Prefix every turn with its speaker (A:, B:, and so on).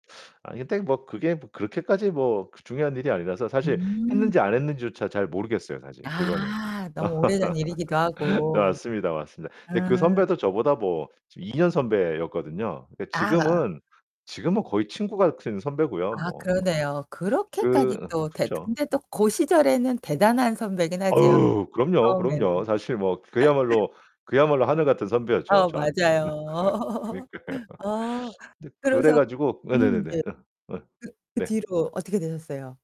A: 아니 근데 뭐 그게 뭐 그렇게까지 뭐 그 중요한 일이 아니라서 사실
B: 음.
A: 했는지 안 했는지조차 잘 모르겠어요 사실 그거는.
B: 아, 너무 오래된 일이기도
A: 네
B: 하고.
A: 맞습니다, 맞습니다. 근데 그
B: 음.
A: 선배도 저보다 뭐 2 년 선배였거든요. 근데
B: [unintelligible]
A: 지금은 지금은 거의 친구 같은 선배고요.
B: 아
A: 뭐뭐.
B: 그러네요. 그렇게까지
A: 그
B: 또 대
A: 그쵸.
B: 근데 또 고 시절에는 대단한 선배긴 하지요
A: 어우, 그럼요, 그럼요.
B: 처음에는.
A: 사실 뭐 그야말로 그야말로 하늘같은 선배였죠.
B: 아
A: 저한테는.
B: 맞아요.
A: 그니까요.
B: 어
A: 근데 그래
B: 그래서
A: 가지고
B: 음 네.
A: 네네네네.
B: 그
A: 어.
B: 그
A: 네.
B: 뒤로 어떻게 되셨어요?